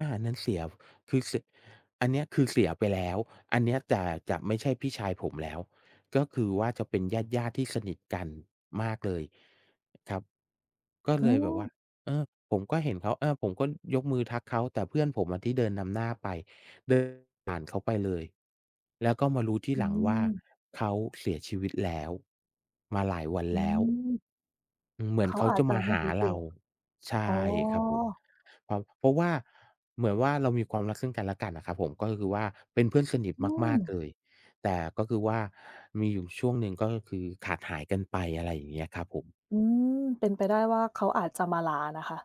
อ่า นั้นเสีย คือเสีย อันเนี้ยคือเสียไปแล้ว อันเนี้ย แต่จะไม่ใช่พี่ชายผมแล้ว ก็คือว่าจะเป็นญาติ ๆ ที่สนิทกันมากเลย ครับ ก็อเ๋ลยแบบว่า อ เออ ผมก็เห็นเขา เออ ผมก็ยกมือทักเขา แต่เพื่อนผมอะที่เดินนำหน้าไป เดินผ่านเขาไปเลย แล้วก็มารู้ทีอืหลังว่า ม เขาเสียชีวิตแล้ว มาหลายวันอืแล้ว ม เหมืเขอนาเขาอาจจะจะมาไมห่ารู้ตเัรา ว ใชอ๋่อ ครับผม เพราะ เพราะว่าเหมือนว่า เรามีความรักซึ่งกันและกันอะครับผม ก็คือว่าเป็นเพื่อนสนิทอืมาก ๆ ม เลย แต่ก็คือว่ามีอยู่ช่วงหนึ่งก็คือขาดหายกันไป อะไรอย่างเงี้ยครับผม อืม เป็นไปได้ว่าเขาอาจจะมาลานะคะ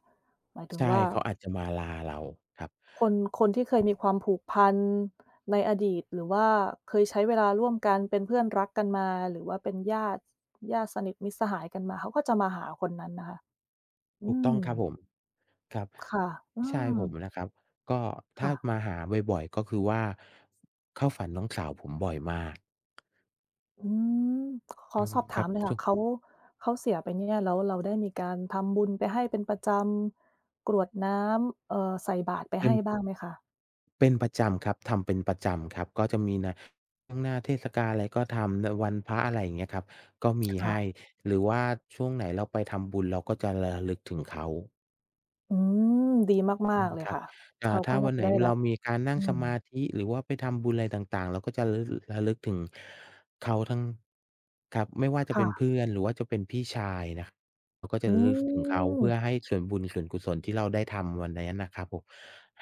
หมายถึใงช่ ว่า เขาอาจจะมาลาเราครับ คน คนที่เคยมีความผูกพันในอดีต หรือว่าเคยใช้เวลาร่วมกันเป็นเพื่อนรักกันมา หรือว่าเป็นญาติ ญาติสนิทมิตรสหายกันมา เขาก็จะมาหาคนนั้นนะคะ อถืูกต้องครับม ผม ครับ ค่ะ อืพี่ชายผม มนะครับ ก็ถค้่าะ มาหาบ่อย ๆ ก็คือว่า เข้าฝันน้องสาวผมบ่อยมาก อืม ขออืม สอบถคราัมบ หน่อยคช่่ะ วง เขา เขาเสียไปเนี่ย แล้วเราได้มีการทำบุญไปให้เป็น ประจำ กรวดน้ำ เอ่อ ใส่บาตรไปเปใ็ห้ น บ้างไหมคะ? เป็นประจำครับ ทำเป็นประจำครับ ก็จะมีหน้า ทั้งหน้าเทศกาลอะไรก็ทำ น วันพระ อะไรอย่างเงี้ยครับ ก็มีค่ใหะ ้ หรือว่าช่วงไหนเราไปทำบุญ เราก็จะระลึกถึงเขา อืม ดีมอาืก ม ๆ เลยครับ ค่ะ อเข่า าถ้ก็านว่าันจไะ หนได้รเัราบ มีการนั่องืสม มาธิ หรือว่าไปทำบุญอะไรต่าง ๆ เราก็จะ ระลึก ระลึกถึงเขาทั้ง ครับ ไม่ว่าจะคเ่ป็นะ เพื่อน หรือว่าจะเป็นพี่ชายนะ เราก็จะอืระลึกถึงเขา เพื่อม ให้ส่วนบุญส่วนกุศลที่เราได้ทำวันนั้นนะครับผม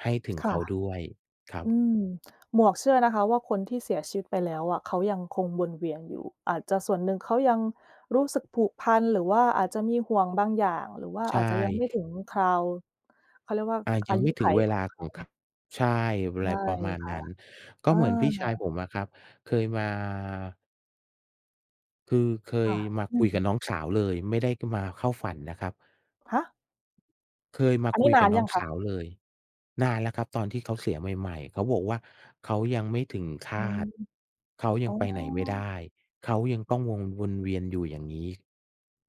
ให้ถึงค่เขะ าด้วยครับ อืม หมวกเชื่อนะคะว่าคนที่เสียชีวิตไปแล้วอะ เขายังคงวนเวียนอยู่อาจจะส่วนหนึ่งเขายังรู้สึกผูกพัน หรือว่าอาจจะมีห่วงบางอย่าง หรือว่าใชอาจจะยัง ไม่ถ่ ึงคราว เขาเรียกว่า อ่า ยอัางยไมุ่ถขึงัยเวขลาองเขขอา ง ค ใช่ อใะชไร่ประมาณค่นัะ ้น ก็อา เหมือนพี่ชายผมอะครับ เคยมา คือเคคย่ะ มาอืคุยม กับน้องสาวเลยไม่ได้มาเข้าฝันนะครับ ฮะ! เคยมาอันคนีุ้ยนกาันบหรืนอ้ยอังงคสะ? าวเลย นานแล้วครับตอนที่เขาเสียใหม่ ๆ เขาบอกว่า เขายังไม่ถึงฆอืาม ต เขายอ๋ัอ งไปไหนไม่ได้ เขายังต้องวง วนเวียนอยู่อย่างนี้